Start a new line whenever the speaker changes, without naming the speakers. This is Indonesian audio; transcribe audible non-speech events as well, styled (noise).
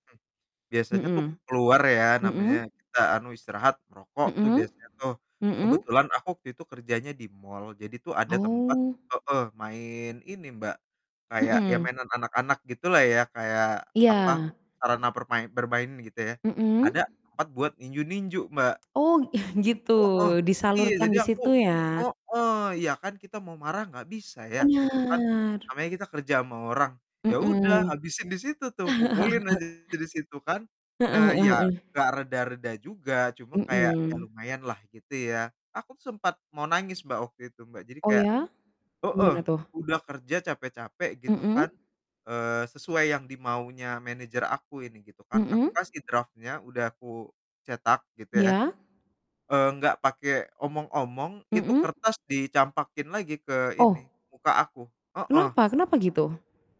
Mmm. Biasanya tuh aku
Mhm,
keluar ya, namanya
mhm.
kita, anu, istirahat, merokok tuh
Mhm,
biasanya tuh.
mhm.
Kebetulan aku waktu itu kerjanya di mall, jadi tuh ada tempat
Oh.
heeh, main ini, Mbak, kayak ya
Mhm.
mainan anak-anak gitulah ya, kayak, apa,
Iya.
sarana permai bermain gitu ya,
Mhm.
ada tempat buat ninju-ninju, Mbak.
Oh, (chuckles) gitu,
Heeh, iya,
disalurkan
jadi
di
aku
situ ya?
heeh, ya kan kita mau marah enggak bisa ya, gitu kan.
Benar.
Namanya kita kerja sama orang, ya udah,
Mhm.
habisin di situ tuh, pukulin
(chuckles)
aja di situ kan.
Heeh
Eee,
heeh
ya,
heeh.
enggak reda-reda juga, cuma kayak, ya
Mhm.
lumayanlah, gitu ya. Aku tuh sempat mau nangis Mbak, waktu itu, Mbak. Jadi
Oh
kayak
ya?
heeh,
Gimana tuh?
udah kerja capek-capek gitu kan,
Mhm.
eee, sesuai yang dimaunya manajer aku ini gitu kan, aku
Mhm.
kasih drafnya, udah aku cetak gitu ya,
Iya.
eee, nggak pakai omong-omong, itu
Mhm.
kertas dicampakin lagi ke ini,
Oh!
muka aku, heeh.
Kenapa kenapa gitu?